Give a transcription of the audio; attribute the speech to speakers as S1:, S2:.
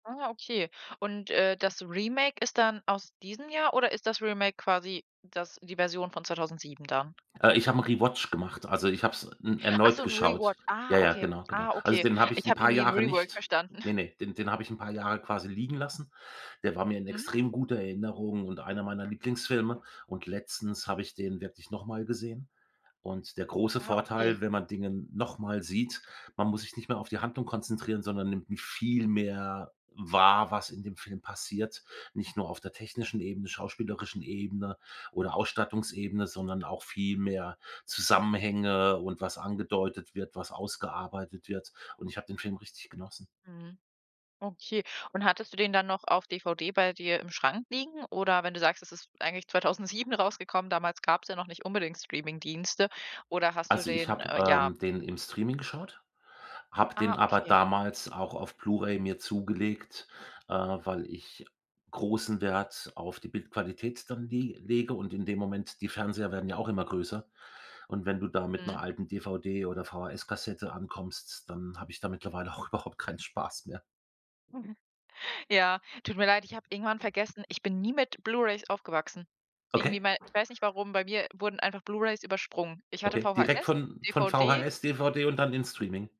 S1: Ah, okay, und, äh, das Remake ist dann aus diesem Jahr oder ist das Remake quasi das die Version von 2007 dann?
S2: Äh, Ich habe 'n Rewatch gemacht, also, ich habe es n
S1: Ach so,
S2: erneut
S1: 'n
S2: geschaut.
S1: Rewatch, ah,
S2: Ja, ja,
S1: okay,
S2: genau, genau.
S1: ah,
S2: Also,
S1: okay,
S2: den habe ich
S1: ich
S2: 'n
S1: habe
S2: paar
S1: irgendwie 'n
S2: Jahre
S1: Rework
S2: nicht
S1: verstanden.
S2: ne, ne, den den habe ich 'n paar Jahre quasi liegen lassen. Der war mir in
S1: Mhm.
S2: extrem guter Erinnerung und einer meiner Lieblingsfilme und letztens habe ich den wirklich noch mal gesehen und der große
S1: Ah, okay.
S2: Vorteil, wenn man Dinge noch mal sieht, man muss sich nicht mehr auf die Handlung konzentrieren, sondern nimmt m viel mehr wahr, was in dem Film passiert, nicht nur auf der technischen Ebene, schauspielerischen Ebene oder Ausstattungsebene, sondern auch viel mehr Zusammenhänge und was angedeutet wird, was ausgearbeitet wird und ich habe den Film richtig genossen.
S1: Mhm. Okay. Und hattest du den dann noch auf DVD bei dir im Schrank liegen oder wenn du sagst, das ist eigentlich 2007 rausgekommen, damals gab's ja noch nicht unbedingt Streamingdienste oder hast du
S2: Also, ich
S1: den,
S2: habe,
S1: äh, ja
S2: ähm, den im Streaming geschaut, habe
S1: Ah,
S2: den aber
S1: okay.
S2: damals auch auf Blu-ray mir zugelegt, äh, weil ich großen Wert auf die Bildqualität dann lie lege und in dem Moment die Fernseher werden ja auch immer größer, und wenn du da mit 'ner
S1: Mhm.
S2: alten 'ner DVD oder VHS Kassette ankommst, dann habe ich da mittlerweile auch überhaupt keinen Spaß mehr.
S1: Ja, tut mir leid, ich habe irgendwann vergessen ich bin nie mit Blu-rays aufgewachsen.
S2: Okay.
S1: Irgendwie, wei weiß nicht warum, bei mir wurden einfach Blu-rays übersprungen. Ich hatte
S2: Okay, direkt
S1: VHS,
S2: von von
S1: DVD
S2: VHS, DVD und dann in Streaming?